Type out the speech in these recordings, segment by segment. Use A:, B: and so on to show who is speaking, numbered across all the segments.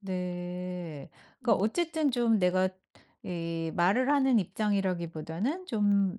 A: 네. 그러니까
B: 음.
A: 어쨌든 좀 내가 이 말을 하는 입장이라기보다는 좀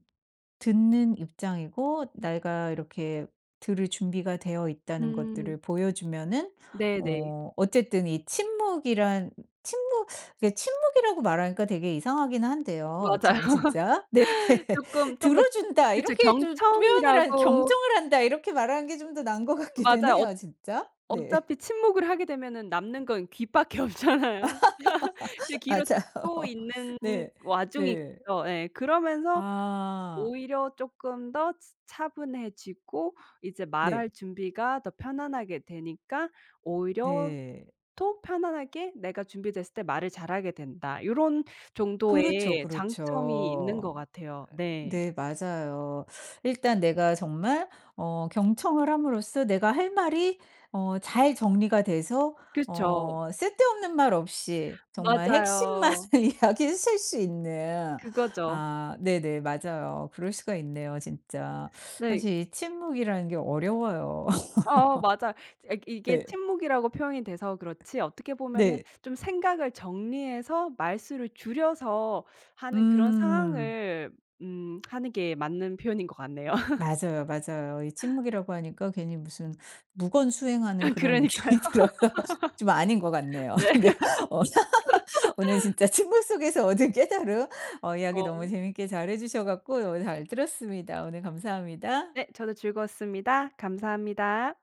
A: 듣는 입장이고, 내가 이렇게 들을 준비가 되어 있다는
B: 음.
A: 것들을 보여주면은
B: 네네.
A: 어 어쨌든 이 침묵이란 침묵, 이게 침묵이라고 말하니까 되게 이상하긴 한데요,
B: 맞아요.
A: 참 진짜. 네.
B: 쪼끔 좀
A: "들어
B: 더
A: 준다."
B: 그죠.
A: 이렇게 좀 표현을 한
B: 경청이라고
A: "경청을 한다." 이렇게 말하는 게 좀 더 나은 것 같기는
B: 맞아요. 어
A: 해요, 진짜. 네.
B: 어차피 침묵을 하게 되면은 남는 건 귀밖에 없잖아요. 이제 귀로 듣고
A: 맞아요.
B: 있는
A: 네.
B: 와중이죠.
A: 네.
B: 예. 그러면서
A: 아.
B: 오히려 쪼끔 더 츠 차분해지고 이제 말
A: 네.
B: 할 준비가 더 편안하게 되니까 오히려
A: 네.
B: 또 편안하게 내가 준비됐을 때 말을 잘하게 된다. 요런
A: 그렇죠,
B: 정도의 장점이 있는
A: 그렇죠.
B: 것 같아요. 네.
A: 네 맞아요. 일단 내가 정말 어 경청을 함으로써 내가 할 말이 어 잘 정리가 돼서
B: 그쵸.
A: 어 쓸데없는 말 없이 정말 핵심만을
B: 맞아요.
A: 이야기하실 수 있는
B: 그거죠.
A: 아 네네. 맞아요. 그럴 수가 있네요, 진짜.
B: 네.
A: 사실 이 침묵이라는 게 어려워요.
B: 어어 맞아요. 아 이게
A: 네.
B: 침묵이라고 표현이 돼서 그렇지, 어떻게 보면은
A: 네.
B: 좀 생각을 정리해서 말수를 줄여서 하는 그런
A: 음.
B: 상황을 음 하는 게 맞는 표현인 것 같네요.
A: 맞아요, 맞아요. 이 침묵이라고 하니까 괜히 무슨 묵언수행하는 그런
B: 그러니까요.
A: 느낌이 들어서 좀 아닌 것 같네요.
B: 네.
A: 네. 어 오늘 진짜 침묵 속에서 얻은 깨달음 어 이야기 너무
B: 어.
A: 재밌게 잘 해 주셔 갖고 오늘 잘 들었습니다. 오늘 감사합니다.
B: 네. 저도 즐거웠습니다. 감사합니다.